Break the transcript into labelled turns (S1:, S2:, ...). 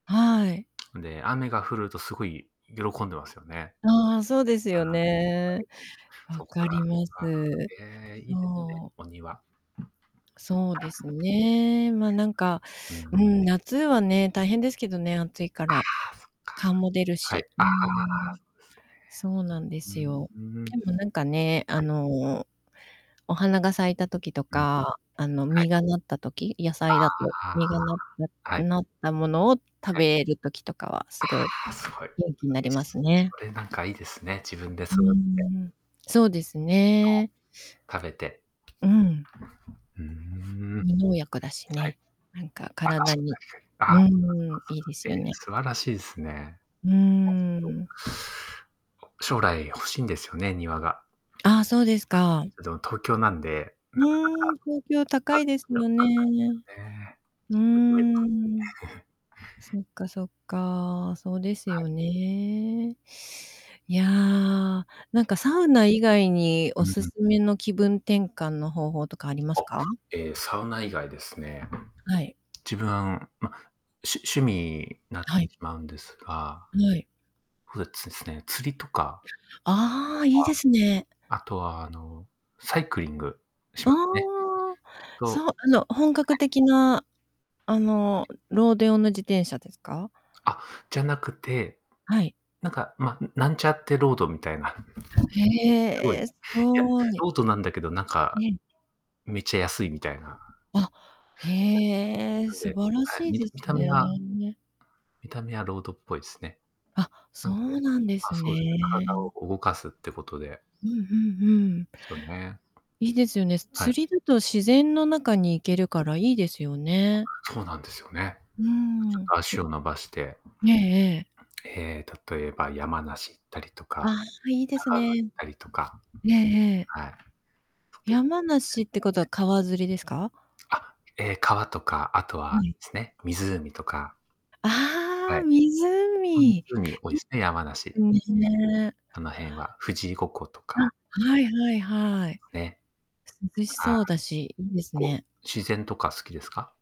S1: はい。
S2: ん、で、雨が降るとすごい喜んでますよね。
S1: ああ、そうです
S2: あ
S1: よ
S2: あ、はい。
S1: ね。分
S2: そっか。
S1: かりま
S2: ああ、
S1: す。
S2: ええ、いいですね、
S1: そう。
S2: お庭。
S1: そうですね、まあ、なんか、う
S2: うん。
S1: ん、夏はね、大変ですけどね、暑いか
S2: ああ、
S1: ら。蚊も出
S2: そ
S1: る
S2: っか。はい。
S1: し、う
S2: あ
S1: ー
S2: あ、
S1: ん。そうなんで
S2: そう
S1: す
S2: ですね。
S1: よ。
S2: ふーん。
S1: でも、なんかね、あ
S2: はい。
S1: の、お花が咲いた時と
S2: うん、うん。
S1: か、あの、
S2: はい。
S1: 実がなった時、野
S2: あ
S1: 菜だと、
S2: あ、
S1: 実がなっ
S2: は
S1: た
S2: い。
S1: なったものを
S2: あ、
S1: 食
S2: はい。
S1: べる時とかは、
S2: あ
S1: すごい
S2: あ、すごい。
S1: 元気になります ね。
S2: それなんかいいですね、自分で
S1: うんう
S2: そだて。
S1: んうん。そうです
S2: そ
S1: ね。
S2: う、食べて。
S1: うん。
S2: ふーん。は
S1: 無農薬だし
S2: い。
S1: ね、なんか、
S2: あ、
S1: 体
S2: 確か
S1: に、
S2: に、けあ
S1: う
S2: あ。
S1: ーん、いいで すよ
S2: え、
S1: ね。
S2: 素晴らしいすね。や
S1: うー
S2: つど
S1: ん。
S2: 将来欲しいんですよね、庭が。
S1: ああ、そうです か。
S2: うど、東京なんで、
S1: うん、東京高
S2: なか
S1: いです
S2: なか
S1: よね。
S2: ねえ。
S1: うー
S2: 作り終えた
S1: ん。そっかそっか。そうです
S2: はい。
S1: よね。いや、な
S2: うん、
S1: んか、サ
S2: は
S1: ウ
S2: い。
S1: ナ以外に
S2: う
S1: お
S2: ん
S1: す
S2: うん。
S1: すめの気分転換の方法とかありま
S2: お、
S1: すか？
S2: ええ、サウナ以外ですね。
S1: あ、はい。
S2: 自分、あ、うん、ま、しゅ趣味なって
S1: はい。
S2: しまうんですが
S1: ない。
S2: ふえつすね、釣りとかと
S1: ああ、いいですね。
S2: かあとは、あの、サイクリングし
S1: あ
S2: ますね。
S1: あ、
S2: きっとは
S1: そう、あの、本格
S2: い。
S1: 的な、あの、ロード用の自転車ですか？
S2: あ、じゃなくて、
S1: はい。
S2: なんか、ま、うん、なんちゃってロードみたいな。すごい。
S1: へ
S2: い
S1: え、す
S2: や、
S1: ごい。
S2: ロードなんだけど、なんか、
S1: ねん。
S2: めっちゃ安いみたいな。
S1: あ、
S2: は
S1: へえ、
S2: い、な
S1: 素
S2: んで
S1: 晴ら
S2: はい、
S1: しい
S2: み
S1: で
S2: た見
S1: す
S2: た目は
S1: ね。
S2: 見た目はロードっぽいっすね。
S1: あ、そ
S2: なんで
S1: うなんで
S2: あ、
S1: す
S2: そうですね、体
S1: ね。
S2: を動かすってことで
S1: うん、ふんふん。
S2: すよね。
S1: いいですよね。す
S2: はい。
S1: 釣りだと自然の中に行
S2: う
S1: け
S2: ん。
S1: るからいいですよ ね。
S2: そうなんですよね。
S1: う
S2: ちょっ
S1: ん。
S2: と足 を伸ばして、
S1: ねえ、ええ。
S2: ええ、例えば山梨行ったりと
S1: ああ、
S2: か、
S1: は、いいです
S2: 長野行っ
S1: ね。
S2: たりとか。
S1: ええええ。
S2: はい。
S1: 山梨ってことは川釣りですか？
S2: あ、ええ、川とか、あと
S1: う
S2: は
S1: ん。
S2: すね、湖とか。
S1: あ
S2: は
S1: ああ、
S2: い。ほんつ
S1: 湖。
S2: うに多いすね、山梨。
S1: すね。
S2: あの辺は富士五湖と
S1: あ、
S2: か。
S1: はいはい
S2: ありま
S1: はい。
S2: すね。
S1: 涼し
S2: ああ、
S1: そうだし、いいです
S2: 行こう、
S1: ね。
S2: 自然とか好きですか？